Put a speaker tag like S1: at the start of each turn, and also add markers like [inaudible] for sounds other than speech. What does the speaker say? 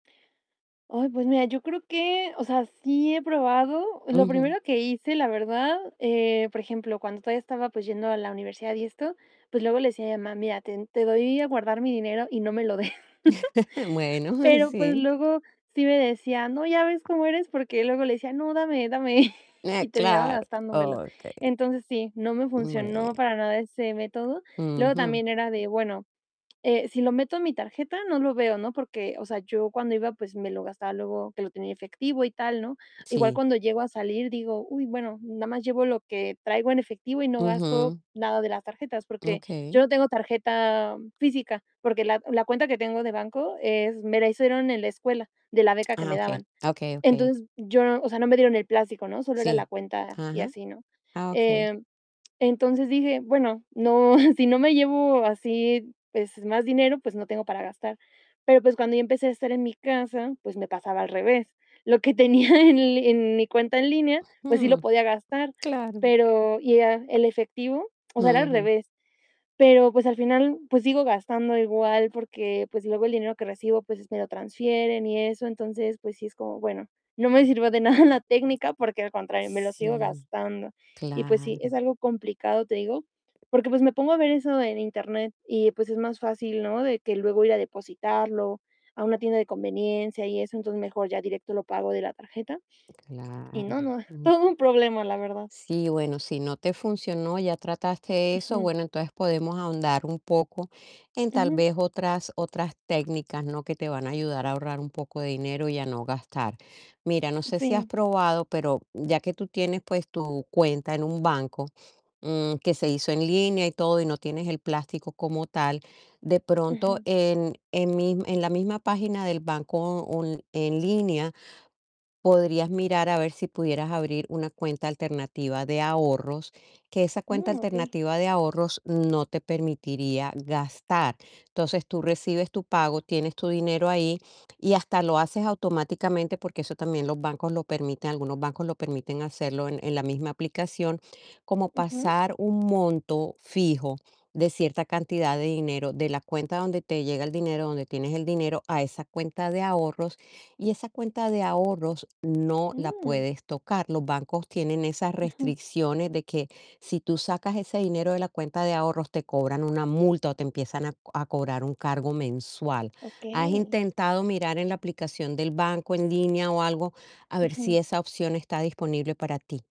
S1: Ay, pues mira, yo creo que o sea, sí he probado. Lo
S2: Ujú.
S1: primero que hice, la verdad, eh, por ejemplo, cuando todavía estaba pues yendo a la universidad y esto, pues luego le decía a mi mamá: "Mira, te te doy a guardar mi dinero y no me lo des".
S2: [chuckles]
S1: [chuckles]
S2: Bueno,
S1: Pero pues
S2: sí.
S1: luego sí me decía: "No, ya ves cómo eres", porque luego le decía: "No, dame, dame", [chuckles]
S2: Eh,
S1: y terminaba
S2: claro.
S1: gastándomelo.
S2: Okey.
S1: Entonces sí, no me funcionó
S2: Bueno.
S1: para nada ese método. Luego
S2: Ujú.
S1: también era de, bueno, eh, si lo meto en mi tarjeta, no lo veo, ¿no? Porque, o sea, yo cuando iba, pues me lo gastaba luego que lo tenía efectivo y tal, ¿no? Igual
S2: Sí.
S1: cuando llego a salir digo: "Uy, bueno, nada más llevo lo que traigo en efectivo y no gasto
S2: Ujú.
S1: nada de las tarjetas", porque yo
S2: Okey.
S1: no tengo tarjeta física, porque la la cuenta que tengo de banco es me la hicieron en la escuela de la beca que
S2: Ah
S1: me
S2: okey.
S1: daban.
S2: Okey, okey.
S1: Entonces yo o sea, no me dieron el plástico, ¿no? Solo era la
S2: Sí.
S1: cuenta y
S2: Ajá.
S1: así, ¿no?
S2: Ah okey.
S1: Eh, entonces dije: "Bueno, no, [chuckles] si no me llevo así, pues más dinero, pues no tengo para gastar". Pero pues cuando ya empecé a estar en mi casa, pues me pasaba al revés. Lo que tenía en en mi cuenta en línea, pues sí lo
S2: Mm,
S1: podía gastar,
S2: claro.
S1: pero ya el efectivo, o sea, era al
S2: Ujú.
S1: revés. Pero pues al final, pues sigo gastando igual, porque pues luego el dinero que recibo, pues me lo transfieren y eso. Entonces, pues sí es como, bueno, no me sirvió de nada la técnica, porque al contrario, me lo sigo
S2: Sí,
S1: gastando. Y pues sí, es
S2: claro.
S1: algo complicado, te digo, porque pues me pongo a ver eso en Internet y pues es más fácil, ¿no? De que luego ir a depositarlo a una tienda de conveniencia y eso, entonces mejor ya directo lo pago de la tarjeta. Y
S2: Claro.
S1: no no,
S2: Ujú.
S1: todo un problema, la verdad.
S2: Sí, bueno, si no te funcionó, ya trataste eso,
S1: Ujú.
S2: bueno, entonces podemos ahondar un poco en tal
S1: Ujú.
S2: vez otras otras técnicas, ¿no? Que te van a ayudar a ahorrar un poco de dinero y a no gastar. Mira, no sé si has
S1: Sí.
S2: probado, pero ya que tú tienes, pues tu cuenta en un banco, mm, que se hizo en línea y todo y no tienes el plástico como tal, de pronto
S1: Ujú.
S2: en en mis en la misma página del banco un en línea podrías mirar a ver si pudieras abrir una cuenta alternativa de ahorros, que esa cuenta
S1: Mm, okey.
S2: alternativa de ahorros no te permitiría gastar. Entonces, tú recibes tu pago, tienes tu dinero ahí y hasta lo haces automáticamente, porque eso también los bancos lo permiten, algunos bancos lo permiten hacerlo en en la misma aplicación, como
S1: Ujú.
S2: pasar un monto fijo de cierta cantidad de dinero de la cuenta donde te llega el dinero, donde tienes el dinero, a esa cuenta de ahorros y esa cuenta de ahorros no la
S1: Mm.
S2: puedes tocar. Los bancos tienen esas
S1: Ujú.
S2: restricciones de que si tú sacas ese dinero de la cuenta de ahorros, te cobran una multa o te empiezan a co a cobrar un cargo mensual. ¿Has
S1: Okey.
S2: intentado mirar en la aplicación del banco en línea o algo a ver si
S1: Ujú.
S2: esa opción está disponible para ti?